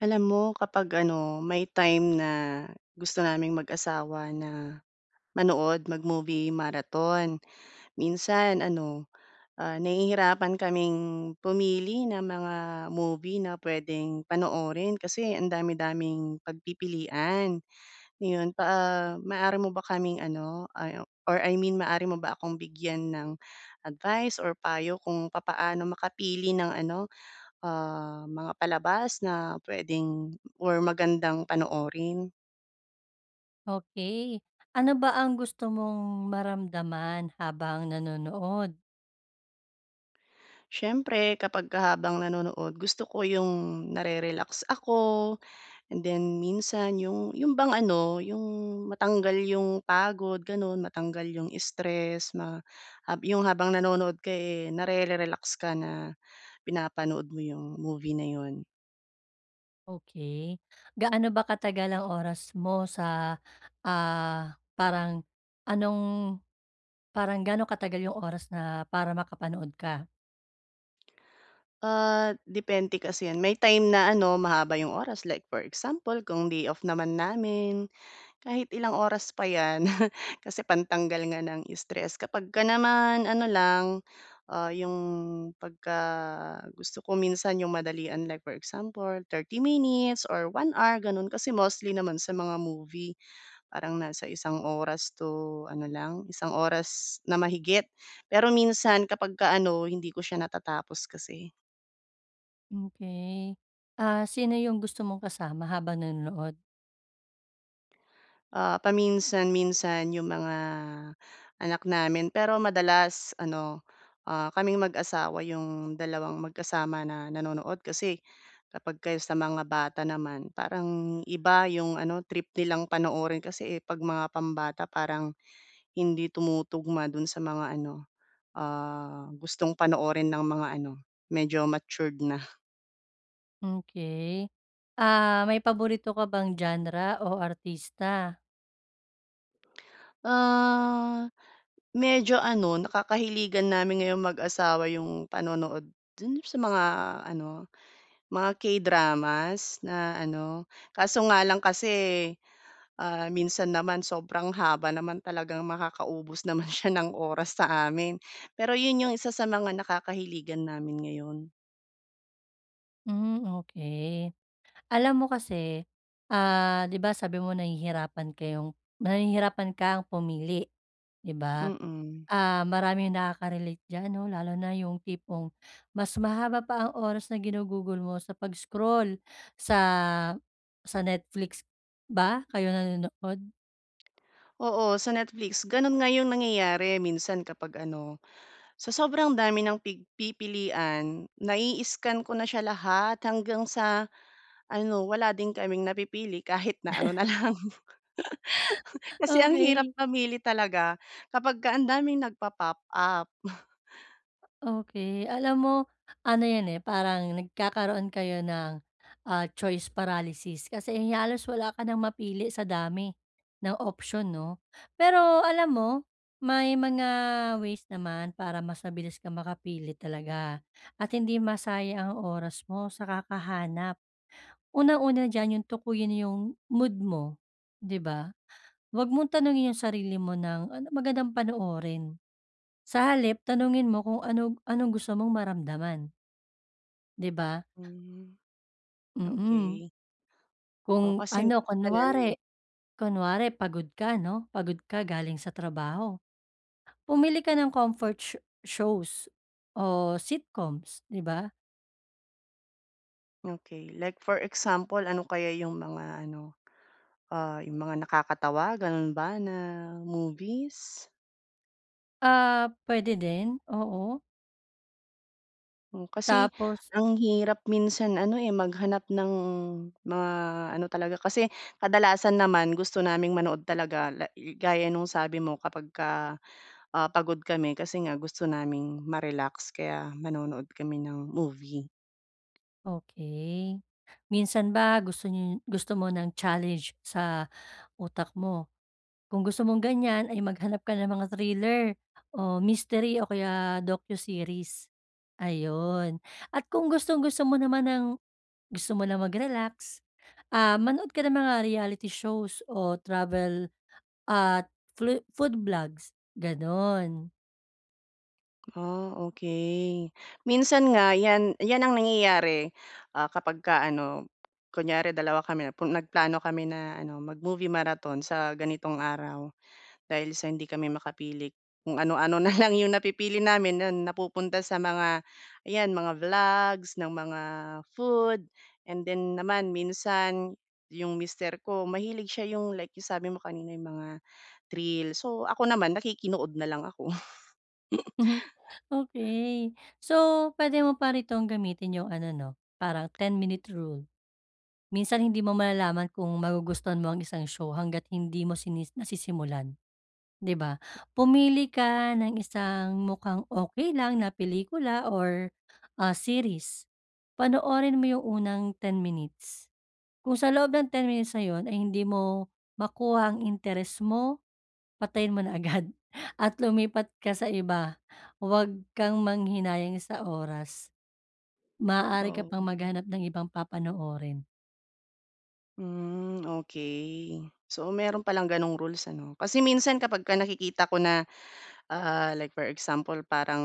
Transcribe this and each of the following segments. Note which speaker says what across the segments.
Speaker 1: Alam mo, kapag ano, may time na, gusto naming mag-asawa na manood, mag-movie marathon, minsan ano, ah, nahihirapan kaming pumili ng mga movie na puwedeng panoorin kasi ang dami-daming pagpipilian, Iyon pa ah, maaari mo ba kaming ano, ah, or I mean maaari mo ba akong bigyan ng advice or payo kung papaano makapili ng ano, ah, mga palabas na puwedeng or magandang panoorin?
Speaker 2: Okey, ano ba ang gusto mong maramdaman habang nanonood?
Speaker 1: Siyempre kapagka habang nanonood, gusto ko yung nare-relax ako, and then minsan 'yung 'yung bang ano, 'yung matanggal 'yung pagod ganun, matanggal yung stress ma um, yung habang nanonood ka eh, nare-relax ka na pinapanood mo yung movie na iyun.
Speaker 2: Okey, gaano ba katagal ang oras mo sa, ah, parang anong parang gaano katagal yung oras na para makapanood ka?
Speaker 1: Ah, depende kasi 'yan. May time na ano mahaba 'yong oras like for example kung day off naman namin, kahit ilang oras pa 'yan kasi pantanggal nga ng stress. Kapagka naman ano lang, ah, 'yong pagka gusto ko, minsan 'yong madalian like for example 30 minutes or 1 hour gano'n. Kasi mostly naman sa mga movie parang nasa isang oras to ano lang, isang oras na mahigit pero minsan kapagka ano hindi ko siya natatapos kasi.
Speaker 2: Okey, ah, sino yung gusto mong kasama habang nanonood?
Speaker 1: Ah, paminsan-minsan 'yong mga, anak namin pero madalas ano, ah, kaming mag-asawa 'yong dalawang magkasama na nanonood. Kasi kapagka yung sa mga bata naman parang iba 'yong ano trip nilang panoorin kasi, eh, 'pag mga pambata parang hindi tumutugma do'n sa mga ano, ah, gustong panoorin ng mga ano medyo matured na.
Speaker 2: Okey, ah, may paborito ka bang genre o artista?
Speaker 1: Ah, medyo ano, nakakahiligan namin ngayon mag-asawa 'yong panonood dun yung sa mga ano, mga K-dramas na ano kaso nga lang kasi, ah, minsan naman sobrang haba naman talagang makakaubos naman siya ng oras sa amin. Pero, 'yon 'yong isa sa mga nakakahiligan namin ngayon.
Speaker 2: Hmm, okey. Alam mo kasi, ah, di ba sabi mo nahihirapan kayong nahihirapan kang pumili, di ba?
Speaker 1: Mm.
Speaker 2: Ah, maraming nakakarelate diyan, 'no, lalo na yung tipong mas mahaba pa ang oras na ginugugol mo sa pag-scroll sa, sa Netflix ba kayo nanonood?
Speaker 1: Oo, sa Netflix. Ganun nga yung nangyayari, minsan kapag ano, sa sobrang dami ng pig pipilian, naii-scan ko na siya lahat, hanggang sa ano, wala din kaming napipili. Kahit na ano na lang. Kasi ang hirap
Speaker 2: Okey.
Speaker 1: mamili talaga kapagka ang daming nagpa-pop up.
Speaker 2: Okey, alam mo, ano 'yan eh, parang nagkakaroon kayo ng, ah, choice paralysis, kasi, eh, halos wala ka nang mapili sa dami ng option, 'no? Pero alam mo, may mga ways naman para mas mabilis kang makapili talaga at hindi masayang ang oras mo sa kakahanap. Unang-una diyan, 'yong tukuyin yung mood mo, di ba? Huwag mong tanungin yung sarili mo ng, "Anong magandang panoorin?" sa halip, tanungin mo kung anog anong gusto mong maramdaman. Di ba?
Speaker 1: Hmm,
Speaker 2: Mm.
Speaker 1: okey. O,
Speaker 2: Kung
Speaker 1: kasi
Speaker 2: ano,
Speaker 1: minsan ano, eh
Speaker 2: kunwari, kunwari pagod ka 'no, pagod ka galing sa trabaho, pumili ka ng comfort sho shows o sitcoms, di ba?
Speaker 1: Okey. Like for example, ano kaya 'yong mga ano, ah, yung mga nakakatawa? Ganun ba na movies?
Speaker 2: Ah, pwede din. Oo.
Speaker 1: Oh, kasi
Speaker 2: Tapos
Speaker 1: ang hirap minsan ano, eh, maghanap ng mga ano talaga kasi kadalasan naman gusto naming manood talaga la gaya no'ng sabi mo kapagka, ah, pagod kami kasi nga gusto naming ma-relax kaya nanonood kami ng movie.
Speaker 2: Okey. Minsan ba gusto niyo gusto mo ng challenge sa utak mo? Kung gusto mong ganyan ay maghanap ka ng mga thriller, o mystery o kaya docu-series. Ayun. At kung gustong gusto mo naman ng gusto mo na mag-relax, ah, manood ka ng mga reality shows o travel at flo food vlogs, ganun.
Speaker 1: Ah, okey. Minsan nga 'yan 'yan ang nangyayari, ah, kapagka ano, kunyari dalawa kami, pu nagplano kami na ano, mag-movie marathon sa ganitong araw. Dahil sa hindi kami makapili, kung ano-ano na lang 'yong napipili namin. 'Yon napupunta sa mga 'yan, mga vlogs ng mga food, and then naman minsan 'yong mister ko, mahilig siya 'yong like 'yong sabi mo kanina, 'yong mga thrill. So ako naman, nakikinood na lang ako.
Speaker 2: Mhm. Okey. So, pwede mo pa rin tong gamitin yung ano 'no, parang 10 minute rule. Minsan hindi mo malalaman kung magugustuhan mo ang isang show hangga't hindi mo sini nasisimulan, di ba? Pumili ka ng isang mukhang okey lang na pelikula or, ah, series. Panoorin mo yung unang 10 minutes. Kung sa loob ng 10 minutes na yun ay hindi mo makuha ang interes mo, patayin mo na agad at lumipat ka sa iba. Wag kang manghinayang sa oras. Maaari ka pang
Speaker 1: Oo.
Speaker 2: maghanap ng ibang papanoorin.
Speaker 1: Hmm, okey. So, mayro'n palang ganong rules ano? Kasi minsan kapagka nakikita ko na, ah, like for example parang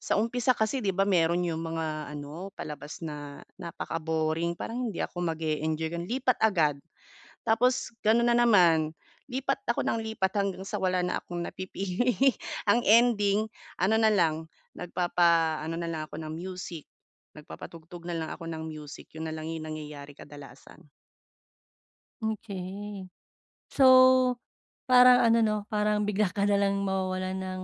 Speaker 1: sa umpisa kasi 'di ba mayro'n 'yong mga ano palabas na napaka-boring, parang hindi ako mag-eenjoy ganon lipat agad. Tapos, gano'n na naman lipat ako nang lipat hanggang sa wala na akong napipili ang ending ano na lang nagpapaano na lang ako ng music, nagpapatugtog na lang ako ng music 'yon na lang 'yong nangyayari kadalasan.
Speaker 2: Okey. So, parang ano 'no, parang bigla ka na lang mawawalan ng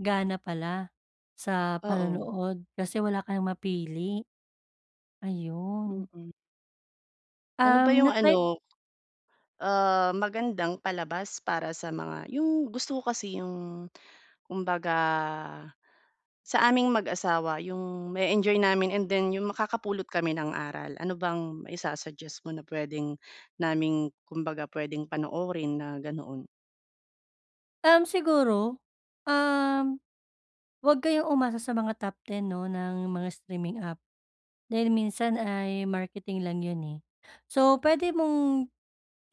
Speaker 2: gana pala sa
Speaker 1: Oo.
Speaker 2: panonood kasi wala ka ng mapili, ayun.
Speaker 1: Mm. Ano ba
Speaker 2: Um,
Speaker 1: yung
Speaker 2: natry
Speaker 1: ano, ah, magandang palabas para sa mga 'yong gusto ko kasi 'yong kumbaga, sa aming mag-asawa 'yong ma-eenjoy namin and then 'yong makakapulot kami ng aral. Ano bang maisasuggest mo na puwedeng naming kumbaga puwedeng panoorin na ganoon?
Speaker 2: Um, siguro, um, 'wag kayong umasa sa mga top 10 'no, ng mga streaming app. Dahil minsan ay marketing lang 'yun, eh. So, puwede mong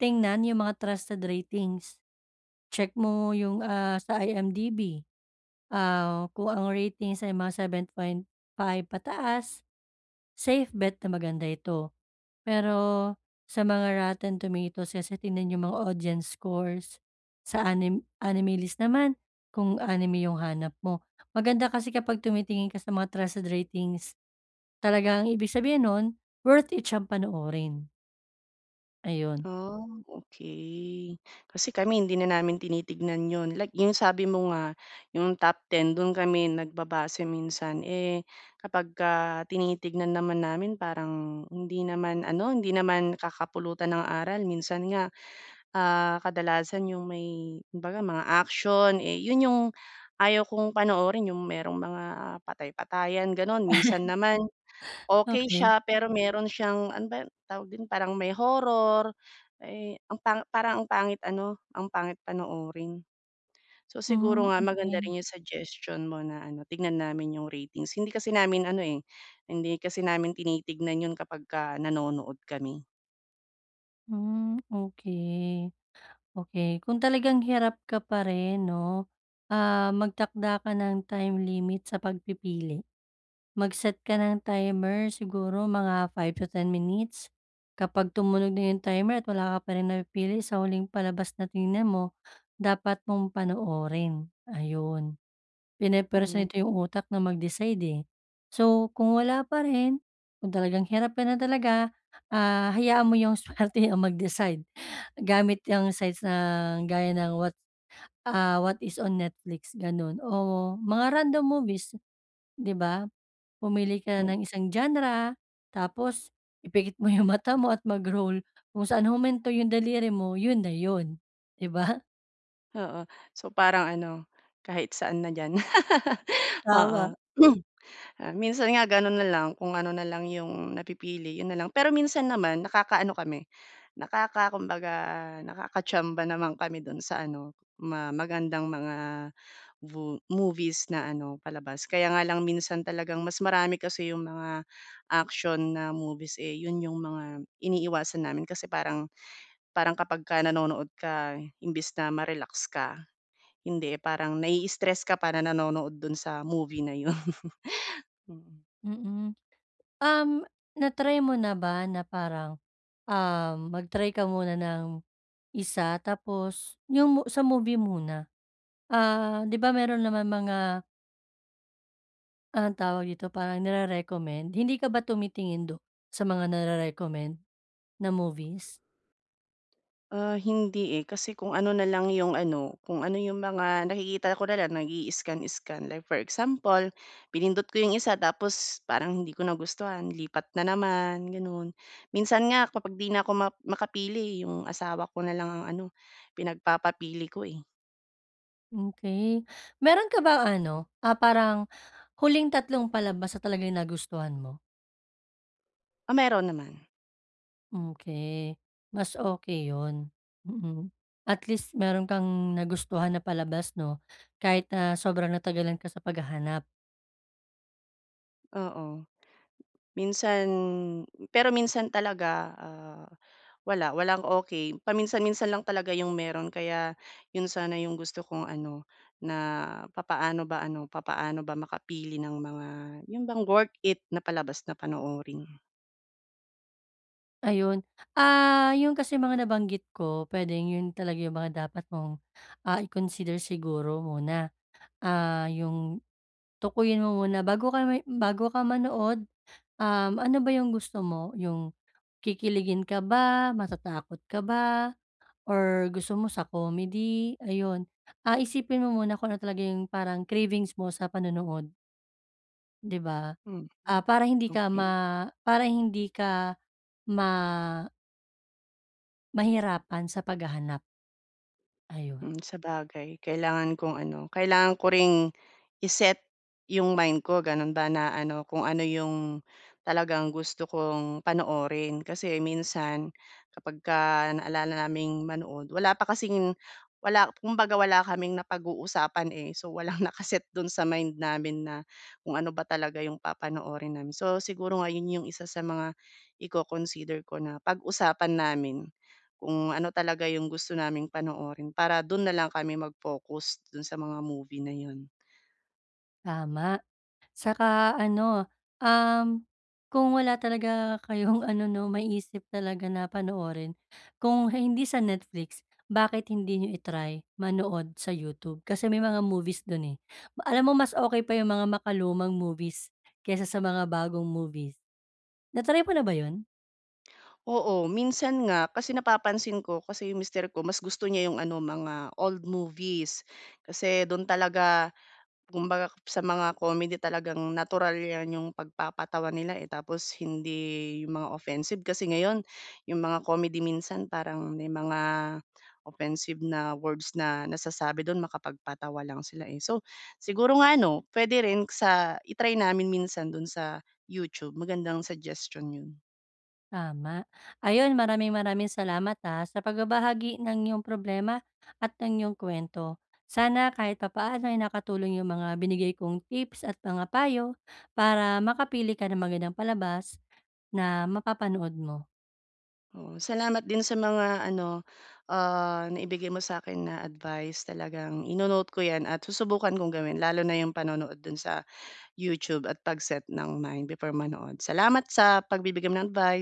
Speaker 2: tingnan 'yung mga trusted ratings. Check mo, ah, 'yung sa IMDb, ah, kung ang ratings ay mga 7.5 pataas, safe bet na maganda ito, pero sa mga rotten tomatoes is tignan 'yung mga audience scores, sa anim anime list naman, kung anime 'yung hanap mo, maganda kasi kapag tumitingin ka sa mga trusted ratings, talagang ibig sabihin no'n, worth it siyang panoorin. Ayun.
Speaker 1: Ah, okey. Kasi kami hindi na namin tinitignan 'yon, like, 'yung sabi mo nga, 'yung top 10, dun kami nagbabase minsan, eh, kapagka tinitignan naman namin, parang hindi naman ano, hindi naman kakapulutan ng aral. Minsan nga, ah, kadalasan 'yung may kumbaga mga action. Eh, 'yon 'yung ayaw kong panoorin, 'yung merong mga patay-patayan, gano'n. Minsan naman, okey
Speaker 2: Okey.
Speaker 1: siya pero meron siyang ano ba 'yung tawag dun, parang may horror, eh, ang pang parang ang pangit ano, ang pangit panoorin. So, siguro
Speaker 2: Hmm,
Speaker 1: nga, maganda
Speaker 2: okey.
Speaker 1: rin 'yung suggestion mo na ano, tignan namin 'yung ratings. Hindi kasi namin ano, eh, hindi kasi namin tinitignan 'yon kapag ka nanonood kami.
Speaker 2: Hmm, okey. Okey, kung talagang hirap ka pa rin 'no, ah, magtakda ka ng time limit sa pagpipili. Mag-set ka ng timer, siguro mga 5 to 10 minutes. Kapag tumunog na 'yong timer at wala ka pa ring napipili sa huling palabas na tiningnan mo, dapat mong panoorin, ayun. Pini-press
Speaker 1: Mm.
Speaker 2: nito 'yong utak na mag-decide, eh. So kung wala pa rin, kung talagang hirap ka na talaga, ah, hayaan mo yung swerte ang mag-decide, gamit yang sites na gaya ng what ah, what is on Netflix, ganun o mga random movies, 'di ba? Pumili ka
Speaker 1: Mm.
Speaker 2: ng isang genre, tapos ipikit mo yung mata mo at mag-roll. Kung saan huminto yung daliri mo, yun na yun, di ba?
Speaker 1: Oo. So parang ano, kahit saan na diyan. Oo.
Speaker 2: Tama.
Speaker 1: Ah, minsan nga gano'n na lang, kung ano na lang 'yong napipili, 'yon na lang. Pero minsan naman nakakaano kami, nakaka kumbaga nakaka chamba naman kami do'n sa ano, ma magandang mga vo movies na ano, palabas. Kaya nga lang minsan talagang mas marami kasi 'yong mga action na movies, eh, 'yon 'yong mga iniiwasan namin. Kasi parang, parang kapagka nanonood ka imbis na ma-relax ka, hindi, eh, parang nai-stress ka pa na nanonood do'n sa movie na yun. Mm.
Speaker 2: Mm. Um, na-try mo na ba na parang, um, mag-try ka muna ng isa, tapos, yung mo sa movie muna. Ah, 'di ba meron naman mga Anong tawag dito, parang nire-recommend, hindi ka ba tumitingin dun sa mga nare-recommend, na movies?
Speaker 1: Ah, hindi, eh. Kasi kung ano na lang 'yong ano kung ano 'yong mga nakikita ko na lang, nag-ii-scan-scan. Like for example, pinindot ko 'yong isa tapos parang hindi ko nagustuhan, lipat na naman, gano'n. Minsan nga kapag 'di na ako ma makapili, eh, 'yong asawa ko na lang ang ano, pinagpapapili ko, eh.
Speaker 2: Okey. Meron ka bang ano, ah, parang huling tatlong palabas na talagang nagustuhan mo?
Speaker 1: Ah, meron naman.
Speaker 2: Okey, mas okey 'yon. Mm, at least meron kang nagustuhan na palabas 'no, kahit na sobrang natagalan ka sa paghahanap.
Speaker 1: Oo, minsan pero minsan talaga, ah, wala, walang okey. Paminsan-minsan lang talaga 'yong meron, kaya iyon sana 'yong gusto kong ano, na papaano ba ano, papaano ba makapili ng mga 'yon bang worth it na palabas na panoorin?
Speaker 2: Ayun. Ah, 'yon kasi mga nabanggit ko, puwedeng 'yon talaga yung mga dapat mong, ah, i-consider siguro muna. Ah, 'yong tukuyin mo muna bago ka may bago ka manood, um, ano ba 'yong gusto mo? 'Yong kikiligin ka ba, matatakot ka ba or gusto mo sa comedy? Ayun, ah, isipin mo muna kung ano talaga 'yong parang cravings mo sa panonood. Di ba?
Speaker 1: Mhm,
Speaker 2: Ah, para hindi ka
Speaker 1: okey.
Speaker 2: ma para hindi ka ma mahirapan sa paghahanap. Ayun.
Speaker 1: Mm, sabagay kailangan kong ano, kailangan ko ring i-set yung mind ko ganun ba na ano kung ano yung, talagang gusto kong panoorin. Kasi minsan, kapagka naalala naming manood, wala pa kasing wala kumbaga wala kaming napag-uusapan, eh. So, walang naka-set do'n sa mind namin na kung ano ba talaga 'yong papanoorin namin. So, siguro nga 'yon 'yong isa sa mga iko-consider ko na pag-usapan namin, kung ano talaga 'yong gusto naming panoorin para do'n na lang kami mag-focus, do'n sa mga movie na 'yon.
Speaker 2: Tama. Tsaka ano, um, kung wala talaga kayong ano 'no maisip talaga na panoorin. Kung hindi sa Netflix, bakit hindi n'yo i-try manood sa YouTube, kasi may mga movies do'n, eh. Alam mo mas okey pa yung mga makalumang movies kaysa sa mga bagong movies. Na-try mo na ba 'yon?
Speaker 1: Oo, minsan nga. Kasi napapansin ko kasi yung mister ko mas gusto niya yung ano, mga old movies. Kasi do'n talaga, kumbaga sa mga comedy talagang natural 'yan yung pagpapatawa nila, eh, tapos hindi yung mga offensive. Kasi ngayon, yung mga comedy minsan parang may mga offensive na words na nasasabi do'n makapagpatawa lang sila, eh. So, siguro nga ano, puwede rin sa i-try namin minsan do'n sa YouTube, magandang suggestion 'yon.
Speaker 2: Tama. Ayun, maraming-maraming salamat, ah, sa pagbabahagi ng 'yong problema at ng iyong kuwento. Sana kahit papaano ay nakatulong yung mga binigay kong tips at mga payo para makapili ka ng magandang palabas na mapapanood mo.
Speaker 1: Oo. Salamat din sa mga ano, ah, naibigay mo sa akin na advice. Talagang ino-note ko 'yan at susubukan kong gawin lalo na yung panonood do'n sa YouTube at pag-set ng mind before manood. Salamat sa pagbibigay mo ng advice.